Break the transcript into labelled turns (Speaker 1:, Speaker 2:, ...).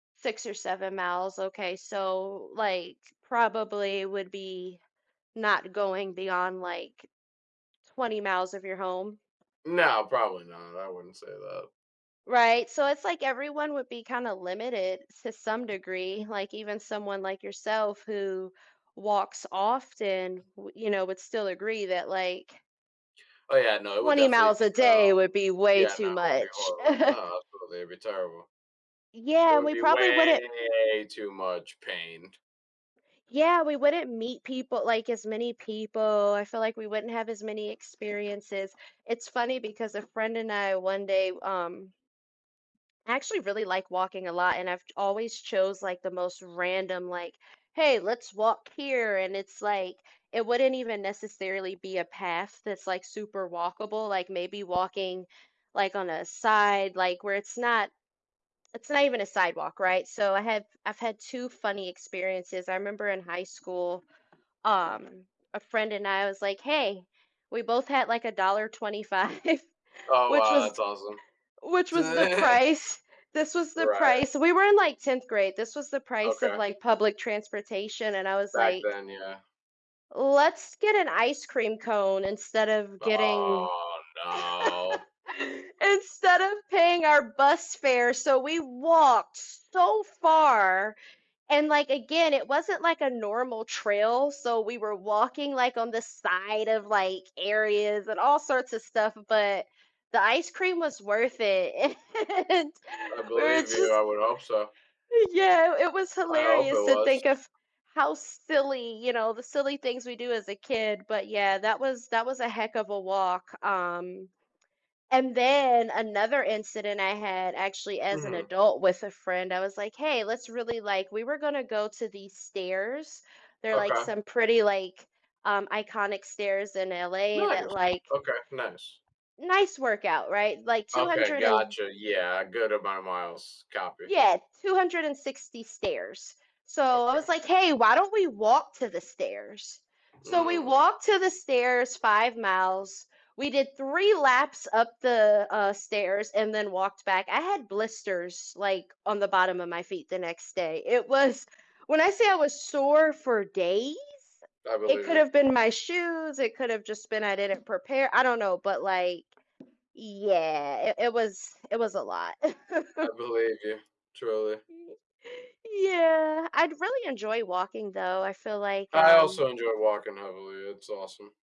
Speaker 1: 6 or 7 miles, okay, so, like, probably would be not going beyond, like, 20 miles of your home?
Speaker 2: No, probably not, I wouldn't say that.
Speaker 1: Right, so it's like everyone would be kinda limited s to some degree, like even someone like yourself who walks often, w you know, would still agree that, like
Speaker 2: Oh, yeah, no, it would
Speaker 1: 20
Speaker 2: definitely
Speaker 1: miles a
Speaker 2: become
Speaker 1: day would be way
Speaker 2: Yeah, no,
Speaker 1: too
Speaker 2: it would be
Speaker 1: much.
Speaker 2: horrible, no, absolutely, it'd be terrible. It
Speaker 1: Yeah,
Speaker 2: would
Speaker 1: we
Speaker 2: be
Speaker 1: probably wouldn't
Speaker 2: way too much pain.
Speaker 1: Yeah, we wouldn't meet people like, as many people, I feel like we wouldn't have as many experiences. It's funny because a friend and I, one day, w um I actually really like walking a lot, and I've ch always chose like the most random, like, "Hey, let's walk here," and it's like, it wouldn't even necessarily be a path that's like super walkable, like, maybe walking, like, on a side like, where it's not it's not even a sidewalk, right? So, I have I've had 2 funny experiences, I remember in high school, um, a friend and I was like, "Hey," we both had like $1.25,
Speaker 2: Oh,
Speaker 1: which
Speaker 2: wow,
Speaker 1: was
Speaker 2: that's awesome.
Speaker 1: which was the price this was the
Speaker 2: Right.
Speaker 1: price we were in, like, 10th grade, this was the price of,
Speaker 2: Okay.
Speaker 1: like, public transportation, and I was
Speaker 2: Back
Speaker 1: like
Speaker 2: then, yeah.
Speaker 1: "Let's get an ice cream cone instead of getting
Speaker 2: Oh, no.
Speaker 1: instead of paying our bus fare," so we walked so far, and, like, again, it wasn't like a normal trail, so we were walking, like, on the side of, like, areas and all sorts of stuff, but the ice cream was worth it, and
Speaker 2: I
Speaker 1: we were
Speaker 2: believe you,
Speaker 1: just
Speaker 2: I would hope so.
Speaker 1: Uh, yeah, i it was
Speaker 2: I hope it
Speaker 1: hilarious to
Speaker 2: was.
Speaker 1: think of how silly you know, the silly things we do as a kid, but yeah, that was that was a heck of a walk, um And then another incident I had, actually as an
Speaker 2: Mhm.
Speaker 1: adult with a friend, I was like, "Hey, let's really, like" we were going to go to these stairs. They're like
Speaker 2: Okay.
Speaker 1: some pretty, like, um, iconic stairs in LA that,
Speaker 2: Nice.
Speaker 1: like
Speaker 2: Okay, nice.
Speaker 1: nice workout, right? Like two
Speaker 2: Okay,
Speaker 1: hundred an
Speaker 2: gotcha, yeah, good amount of miles. Copy.
Speaker 1: Yeah, 260 stairs, so I was
Speaker 2: Okay.
Speaker 1: like, "Hey, why don't we walk to the stairs?" So, we
Speaker 2: Mm.
Speaker 1: walked to the stairs 5 miles, we did 3 laps up the, uh, stairs and then walked back, I had blisters, like, on the bottom of my feet the next day, it was when I say I was sore for days;
Speaker 2: I
Speaker 1: it
Speaker 2: believe
Speaker 1: could
Speaker 2: you.
Speaker 1: have been my shoes; it could have just been I didn't prepare I don't know, but, like Yeah, it it was it was a lot.
Speaker 2: I believe you, truly.
Speaker 1: Yeah, I'd really enjoy walking though, I feel like,
Speaker 2: I
Speaker 1: um
Speaker 2: also enjoy walking heavily, it's awesome.